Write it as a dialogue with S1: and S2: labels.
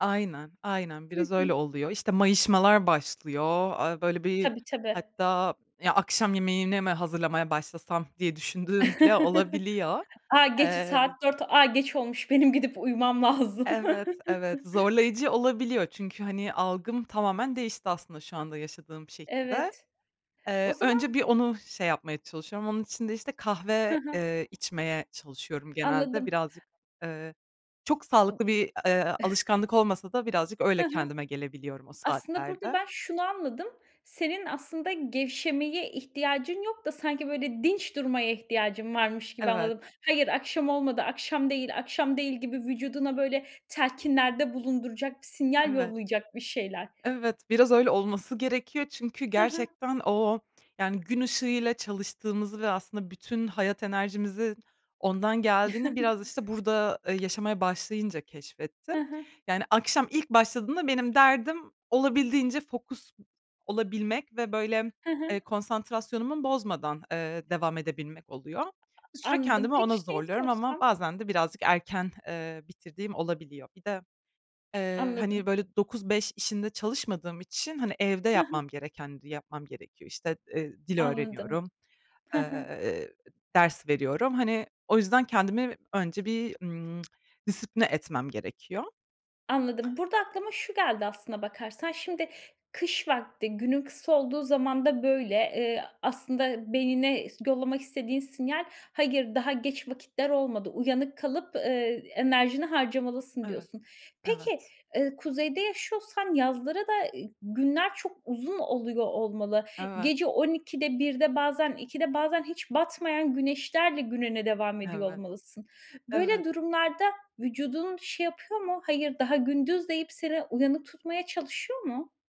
S1: Aynen aynen,
S2: Hı
S1: biraz
S2: hı.
S1: öyle oluyor. İşte, mayışmalar başlıyor, aaa, böyle bir
S2: Tabii tabii.
S1: hatta ya akşam yemeğini mi hazırlamaya başlasam diye düşündüğüm bile olabiliyor.
S2: A, gece saat
S1: Eee
S2: 4. A, geç olmuş. Benim gidip uyumam lazım.
S1: Evet, evet, zorlayıcı olabiliyor. Çünkü, hani, algım tamamen değişti aslında şu anda yaşadığım şehirde.
S2: Evet. O
S1: Eee,
S2: zaman
S1: önce bir onu şey yapmaya çalışıyorum. Onun için de işte
S2: Ha
S1: kahve,
S2: ha.
S1: eee, içmeye çalışıyorum genelde.
S2: Anladım.
S1: Birazcık, eee, çok sağlıklı bir, eee, alışkanlık olmasa da birazcık
S2: Ha
S1: öyle
S2: ha.
S1: kendime gelebiliyorum o
S2: Aslında burada
S1: saatlerde.
S2: ben şunu anladım. Senin aslında gevşemeye ihtiyacın yok da sanki böyle, dinç durmaya ihtiyacın varmış gibi
S1: Evet.
S2: anladım. Hayır, akşam olmadı, akşam değil, akşam değil gibi vücuduna böyle telkinlerde bulunduracak bir sinyal
S1: Evet.
S2: yollayacak, bir şeyler.
S1: Evet, biraz öyle olması gerekiyor. Çünkü
S2: Ha ha.
S1: gerçekten o, yani gün ışığıyla çalıştığımızı ve aslında bütün hayat enerjimizin ondan geldiğini biraz işte burada, eee, yaşamaya başlayınca keşfettim.
S2: Ha ha.
S1: Yani akşam ilk başladığımda benim derdim olabildiğince fokus olabilmek ve böyle,
S2: Ha ha.
S1: ııı, konsantrasyonumu bozmadan, eee, devam edebilmek oluyor. Bir
S2: A a
S1: süre
S2: anladım.
S1: kendimi
S2: Peki,
S1: ona
S2: şeyi
S1: zorluyorum ama
S2: sorsam?
S1: bazen de birazcık erken, eee, bitirdiğim olabiliyor. Bir de, eee, hani,
S2: Anladım.
S1: böyle 9-5 işinde çalışmadığım için, hani, evde
S2: Ha ha.
S1: yapmam gereken di yapmam gerekiyor. İşte, eee, dil
S2: Anladım.
S1: öğreniyorum,
S2: Ha ha.
S1: eee, ders veriyorum. Hani, o yüzden, kendimi önce bir, ımm, disipline etmem gerekiyor.
S2: Anladım. Burada aklıma şu geldi aslına bakarsan. Şimdi kış vakti, günün kısa olduğu zamanda böyle. Eee, aslında beynine ıs yollamak istediğin sinyal hayır daha geç vakitler olmadı, uyanık kalıp, ııı, enerjini harcamalısın
S1: Evet,
S2: diyorsun. Peki,
S1: evet.
S2: eee, kuzeyde yaşıyorsan yazları da, eee, günler çok uzun oluyor olmalı.
S1: Evet.
S2: Gece 12'de, 1'de bazen, 2'de bazen hiç batmayan güneşlerle gününe devam ediyor
S1: Evet.
S2: olmalısın. Böyle
S1: Evet.
S2: durumlarda vücudun şey yapıyor mu? Hayır daha gündüz, deyip seni uyanık tutmaya çalışıyor mu?